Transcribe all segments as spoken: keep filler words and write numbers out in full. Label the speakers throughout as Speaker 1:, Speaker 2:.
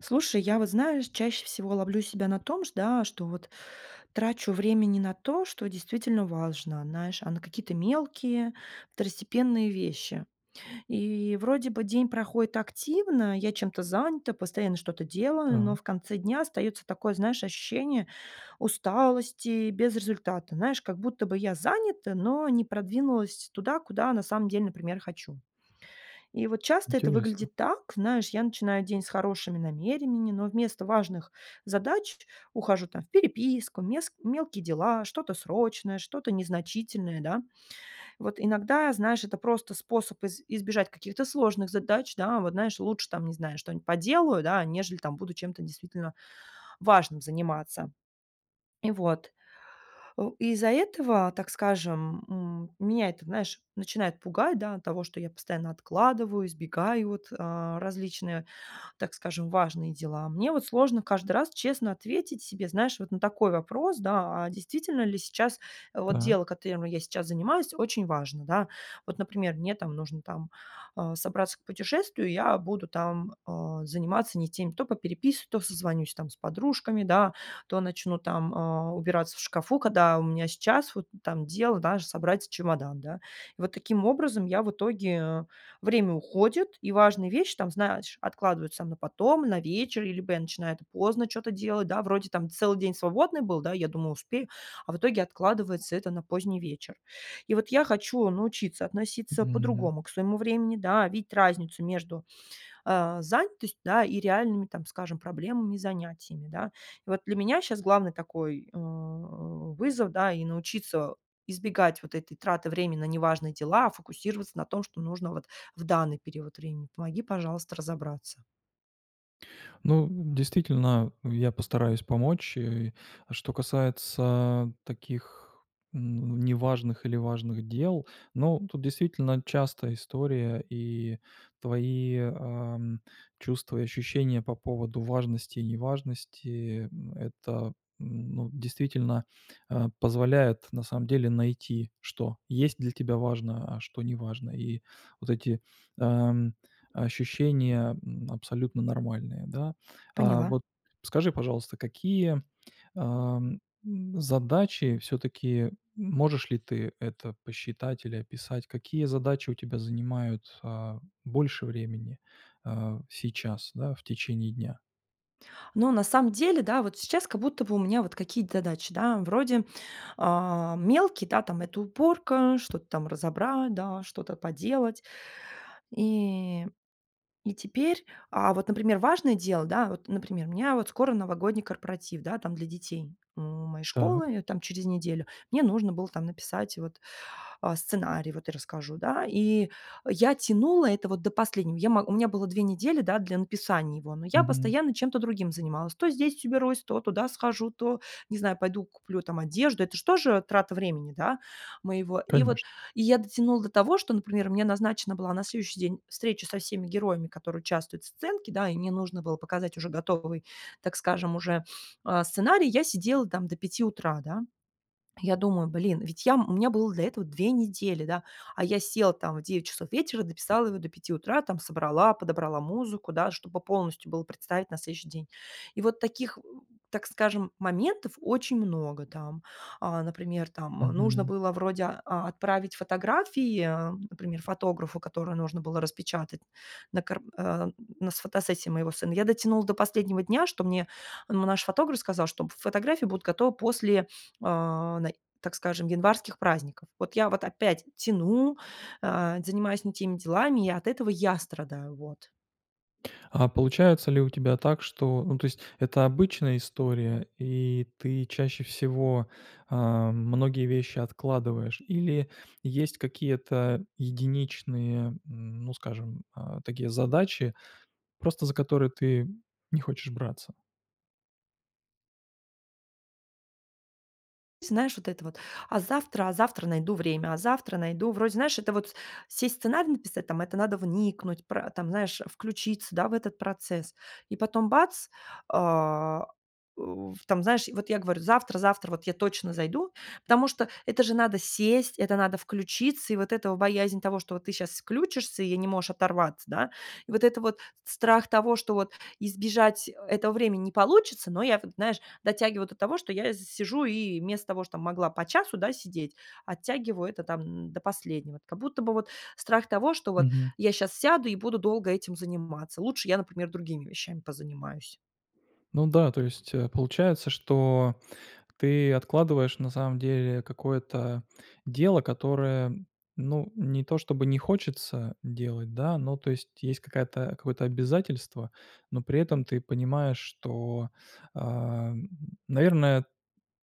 Speaker 1: Слушай, я вот, знаешь, чаще всего ловлю себя на том, шт да, что вот трачу времени на то, что действительно важно, знаешь, а на какие-то мелкие, второстепенные вещи. И вроде бы день проходит активно, я чем-то занята, постоянно что-то делаю, но
Speaker 2: Так.
Speaker 1: в конце дня остаётся такое, знаешь, ощущение усталости без результата. Знаешь, как будто бы я занята, но не продвинулась туда, куда на самом деле, например, хочу. И вот часто это
Speaker 2: Интересно.
Speaker 1: выглядит так, знаешь: я начинаю день с хорошими намерениями, но вместо важных задач ухожу там в переписку, мес мелкие дела, что-то срочное, что-то незначительное, да. Вот иногда, знаешь, это просто способ из избежать каких-то сложных задач, да. Вот, знаешь, лучше там, не знаю, что-нибудь поделаю, да, нежели там буду чем-то действительно важным заниматься. И вот. О, и из-за этого, так скажем, м, меня это, знаешь, начинает пугать, да, от того, что я постоянно откладываю, избегаю вот, а, различные, так скажем, важные дела. Мне вот сложно каждый раз честно ответить себе, знаешь, вот на такой вопрос, да: а действительно ли сейчас, э, вот дело,
Speaker 2: Так.
Speaker 1: которым я сейчас занимаюсь, очень важно, да? Вот, например, мне там нужно там, а, собраться к путешествию, я буду там, э, заниматься не теми: то попереписываюсь, то созвонюсь там с подружками, да, то начну там, а, убираться в шкафу, когда у меня сейчас вот там дело, даже собрать чемодан, да. И вот таким образом я в итоге время уходит, и важные вещи, там, знаешь, откладываются на потом, на вечер, либо я начинаю это поздно чё-то делать, да, вроде там целый день свободный был, да, и я думаю: "Успею", а в итоге откладывается это на поздний вечер. И вот я хочу научиться относиться
Speaker 2: М.
Speaker 1: по-другому к своему времени, да, видеть разницу между, э, занятостью, да, и реальными, там скажем, проблемами и занятиями, да. И вот для меня щас главный такой, э, вызов, да, и научиться избегать вот этой траты времени на неважные дела, а фокусироваться на том, что нужно вот в данный период времени. Помоги, пожалуйста, разобраться.
Speaker 2: Ну, действительно, я постараюсь помочь. Э, а что касается таких, ну, неважных или важных дел. Ну, тут действительно частая история, и твои, ам, чувства и ощущения по поводу важности и неважности, м, это, м, ну, действительно, э, позволяет на самом деле найти, что есть для тебя важно, а что не важно. И вот эти, эм, ощущения, м, абсолютно нормальные, да. А,
Speaker 1: Поняла.
Speaker 2: вот скажи, пожалуйста, какие, эм, м, задачи всё-таки, можешь ли ты это посчитать или описать, какие задачи у тебя занимают, а, больше времени, э, сейчас, да, в течение дня?
Speaker 1: Но на самом деле, да, вот сейчас как будто бы у меня вот какие, т задачи, да, вроде, э, мелкие, да, там это уборка, что-то там разобрать, да, что-то поделать. И и теперь а вот, например, важное дело, да, вот, например, у меня вот скоро новогодний корпоратив, да, там для детей у моей
Speaker 2: Так.
Speaker 1: школы, её там через неделю, мне нужно было там написать вот, а, сценарий, вот я расскажу, да, и я тянула это вот до последнего. Я мо у меня было две недели, да, для написания его, но я
Speaker 2: Мгм.
Speaker 1: постоянно чем-то другим занималась. То здесь уберусь, то туда схожу, то, не знаю, пойду куплю там одежду. Это ж тоже трата времени, да, моего. И вот,
Speaker 2: Конечно.
Speaker 1: и я дотянула до того, что, например, мне назначена была на следующий день встреча со всеми героями, которые участвуют в сценке, да, и мне нужно было показать уже готовый, так скажем, уже, э, сценарий. Я сидела там до пяти утра, да. Я думаю: "Блин, ведь я м, у меня было для этого две недели, да, а я села там в девять часов вечера, дописала его до пяти утра, там собрала, подобрала музыку, да, чтобы полностью было представить на следующий день". И вот таких, э, так скажем, моментов очень много там. Э, например там, э, нужно
Speaker 2: Мгм.
Speaker 1: было вроде, а, отправить фотографии, например, фотографу, которую нужно было распечатать на кар а, на, с фотосессии моего сына. Я дотянула до последнего дня, что мне, м, ну, наш фотограф сказал, чтоб фотографии будут готовы после, э, най так скажем, январских праздников. Вот я вот опять тяну, э, занимаюсь не теми делами, и от этого я страдаю. Вот.
Speaker 2: А получается ли у тебя так, что, ну, то есть, это обычная история, и ты чаще всего, а, многие вещи откладываешь, или есть какие-то единичные, м, ну, скажем, а, такие задачи, просто за которые ты не хочешь браться?
Speaker 1: Знаешь, вот это вот: "А завтра, а завтра найду время, а завтра найду". Вроде, знаешь, это вот сесть, сценарий написать, там это надо вникнуть, пра там, знаешь, включиться, да, в этот процесс, и потом бац- а, у, там, знаешь, вот я говорю: "Завтра завтра вот я точно зайду". Потому что это же надо сесть, это надо включиться, и вот эта вот боязнь того, что ты сейчас включишься и я не можешь оторваться, да, и вот это вот с страх того, что вот избежать, э, этого времени не получится, но я вот, знаешь, дотягиваю до того, что я из сижу и вместо того, что могла по часу, да, сидеть, оттягиваю это там, м, до последнего. Как будто бы страх того, что вот
Speaker 2: Мгм.
Speaker 1: я щас сяду и буду долго этим заниматься. Лучше я, например, другими вещами позанимаюсь.
Speaker 2: Ну да, то есть, э, получается, что ты откладываешь на самом деле какое-то дело, которое, ну, не то чтобы не хочется делать, да, но, то есть, есть какая-то какое-то обязательство, но при этом ты понимаешь, что, ам, наверное,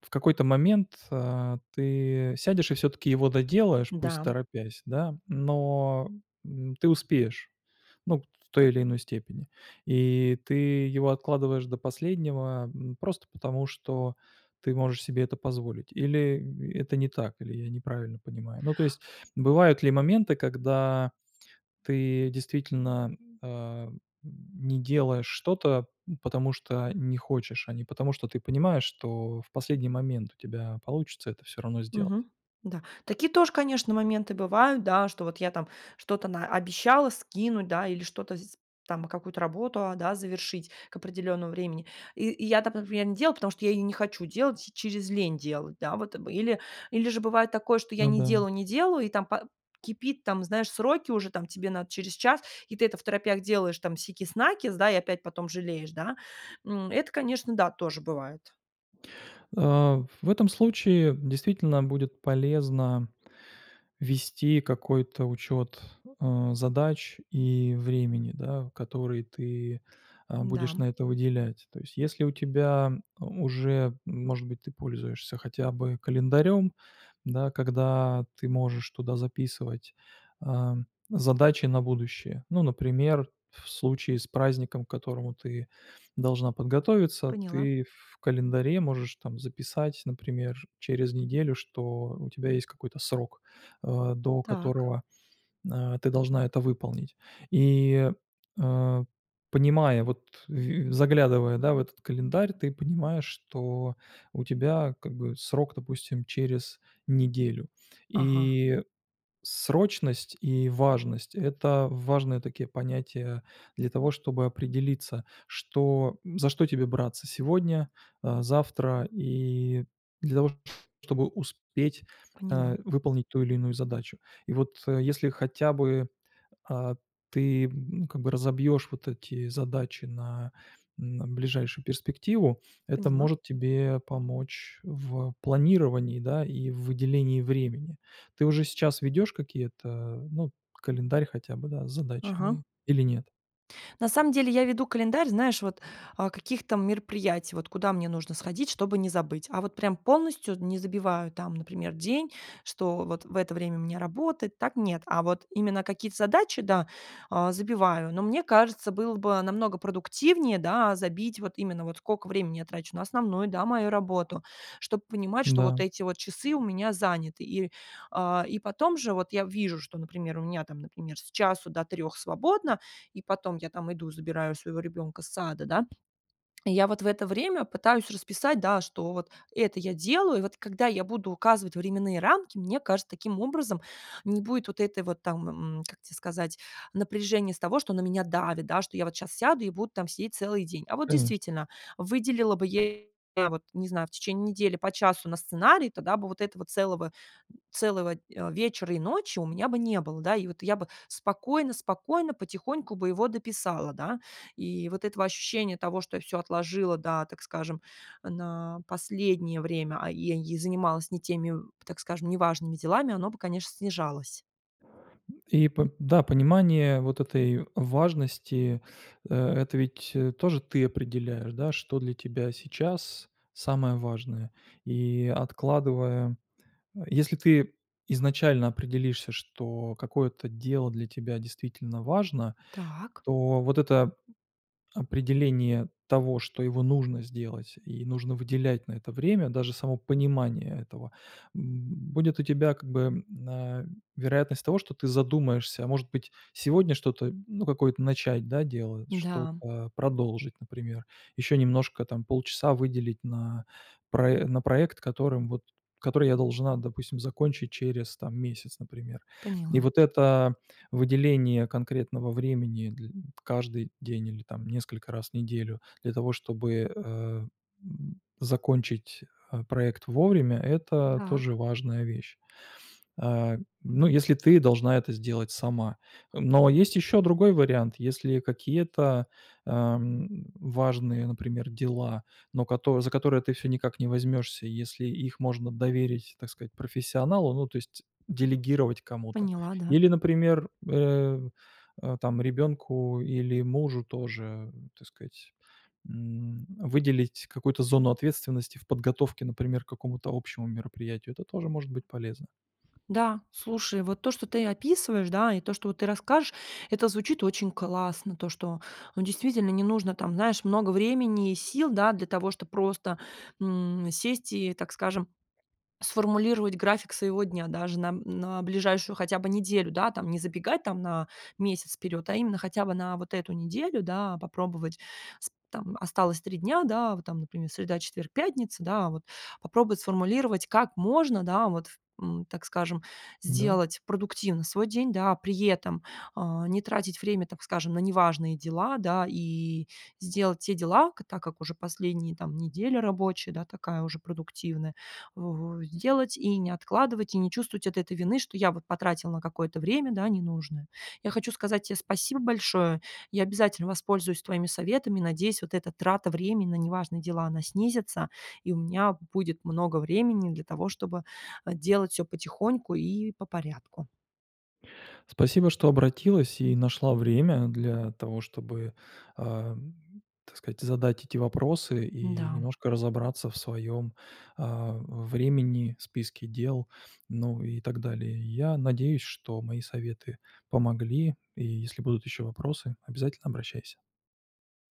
Speaker 2: в какой-то момент, а, ты сядешь и всё-таки его доделаешь, пусть
Speaker 1: Да.
Speaker 2: торопясь, да, но, м, ты успеешь, ну, в той или иной степени. И ты его откладываешь до последнего, м, просто потому, что ты можешь себе это позволить, или это не так, или я неправильно понимаю? Ну, то есть, бывают ли моменты, когда ты действительно, а, не делаешь что-то, м, потому что не хочешь, а не потому, что ты понимаешь, что в последний момент у тебя получится это всё равно сделать?
Speaker 1: Мгм, да. Такие тоже, конечно, моменты бывают, да, что вот я там что-то наобещала скинуть, да, или что-то с там, какую-то работу, а, да, завершить к определённому времени, и и я там, например, не делаю, потому что я не хочу делать, через лень делать. Да, вот, или или же бывает такое, что я
Speaker 2: Ну
Speaker 1: не
Speaker 2: да.
Speaker 1: делаю, не делаю, и там па кипит, там, знаешь, сроки уже, там, тебе надо через час, и ты это второпях делаешь, там, сикись-накись, и опять потом жалеешь, да, м. Это, конечно, да, тоже бывает.
Speaker 2: А в этом случае действительно будет полезно вести какой-то учет, а, задач и времени, да, которые ты, а, будешь
Speaker 1: Да.
Speaker 2: на это выделять. То есть, если у тебя уже, может быть, ты пользуешься хотя бы календарем, да, когда ты можешь туда записывать, ам, задачи на будущее. Ну, например, в случае с праздником, к которому ты должна подготовиться,
Speaker 1: Поняла.
Speaker 2: ты в календаре можешь там записать, например, через неделю, что у тебя есть какой-то срок, э, до
Speaker 1: Так.
Speaker 2: которого, а, ты должна это выполнить. И, э, понимая, вот в и заглядывая, да, в этот календарь, ты понимаешь, что у тебя как бы срок, допустим, через неделю.
Speaker 1: Ага.
Speaker 2: И срочность и важность- это важные такие понятия для того, чтобы определиться, что м, за что тебе браться сегодня, а, завтра и для того, чтобы успеть, а,
Speaker 1: Поняла.
Speaker 2: выполнить ту или иную задачу. И вот, э, если хотя бы, а, ты как бы разобьешь вот эти задачи на, м, ближайшую перспективу, это
Speaker 1: Поняла.
Speaker 2: может тебе помочь в планировании, да, и в выделении времени. Ты уже сейчас ведешь какие-то, ну, календарь хотя бы, да, с
Speaker 1: Ага.
Speaker 2: задачами или нет?
Speaker 1: На самом деле я веду календарь, знаешь, вот, а, каких-то мероприятий, вот куда мне нужно сходить, чтобы не забыть. А вот прям полностью не забиваю, там, например, день, что вот в это время у меня работает, так нет. А вот именно какие-то задачи, да, а, забиваю, но мне кажется, было бы намного продуктивнее, да, забить вот именно вот сколько времени я трачу на основную, да, мою работу, чтобы понимать, что
Speaker 2: Да.
Speaker 1: вот эти часы у меня заняты. И, а, и потом же вот я вижу, что, например, у меня, там, например, с часу до трех свободно, и потом я там иду, забираю своего ребенка с сада, да. И я вот в это время пытаюсь расписать, да, что вот это я делаю. И вот когда я буду указывать временные рамки, мне кажется, таким образом не будет вот этой вот там, м, как те сказать, напряжения с того, что на меня давит, да, что я вот сейчас сяду и буду там сидеть целый день. А вот
Speaker 2: Конечно.
Speaker 1: действительно, выделила бы я, вот не знаю, в течение недели по часу на сценарий, тогда бы вот этого целого целого, а, вечера и ночи у меня бы не было, да. И вот я бы спокойно-спокойно, потихоньку бы его дописала, да. И вот этого ощущения того, что я всё отложила, да, так скажем, на последнее время, а, и ей занималась не теми, так скажем, неважными делами, оно бы, конечно, снижалось.
Speaker 2: И по да, понимание вот этой важности, э, это ведь, э, тоже ты определяешь, да, что для тебя сейчас самое важное. И откладывая, э, если ты изначально определишься, что какое-то дело для тебя действительно важно,
Speaker 1: Так.
Speaker 2: то вот это п определение того, что его нужно сделать и нужно выделять на это время, даже само понимание этого, м, будет у тебя как бы, м, а, вероятность того, что ты задумаешься, а может быть, сегодня что-то, ну, какое-то начать, да, делать,
Speaker 1: М-да.
Speaker 2: что-то продолжить, например, еще немножко, там, полчаса выделить на прое на проект, которым вот который я должна, допустим, закончить через, там, месяц, например. И
Speaker 1: Поняла.
Speaker 2: вот это выделение конкретного времени дль каждый день или, там, несколько раз в неделю для того, чтобы, э, м, закончить, э, проект вовремя, это тоже
Speaker 1: Так.
Speaker 2: важная вещь. А, ну, если ты должна это сделать сама. Э, но есть ещё другой вариант. Если какие-то, эм, важные, например, дела, но кото за которые ты всё никак не возьмешься, и если их можно доверить, так сказать, профессионалу, ну, то есть делегировать кому-то.
Speaker 1: Поняла, да.
Speaker 2: Или, например, э, э, там, ребенку или мужу тоже, так сказать, м, выделить какую-то зону ответственности в подготовке, например, к какому-то общему мероприятию, это тоже может быть полезно.
Speaker 1: Да, слушай, вот то, что ты описываешь, да, и то, что вот ты расскажешь, это звучит очень классно. То, что, ну, действительно, не нужно там, знаешь, много времени и сил, да, для того, чтоб просто, м, сесть и, так скажем, сформулировать график своего дня даже на м на ближайшую хотя бы неделю, да, там, не забегать там на месяц вперёд, а именно хотя бы на вот эту неделю, да, попробовать. Сп там, осталось три дня, да, вот там, например, среда, четверг, пятница, да, вот попробовать сформулировать, как можно, да, вот, ф м, так скажем,
Speaker 2: Да.
Speaker 1: сделать продуктивно свой день, да. При этом, а, не тратить время, так скажем, на неважные дела, да, и сделать те дела, так как уже последние, там, неделя рабочая, да, такая уже продуктивная, во сделать и не откладывать, и не чувствовать вот этой вины, что я вот потратил на какое-то время, да, ненужное. Я хочу сказать те спасибо большое, я обязательно воспользуюсь твоими советами, надеюсь, вот эта трата времени на неважные дела, она снизится, и у меня будет много времени для того, чтобы, э, делать всё потихоньку и по порядку.
Speaker 2: Спасибо, что обратилась и нашла время для того, чтобы, эм, так сказать, задать эти вопросы и
Speaker 1: М-да.
Speaker 2: немножко разобраться в своём, а, времени, списке дел, ну и так далее. Я надеюсь, что мои советы помогли, и, если будут ещё вопросы, обязательно обращайся.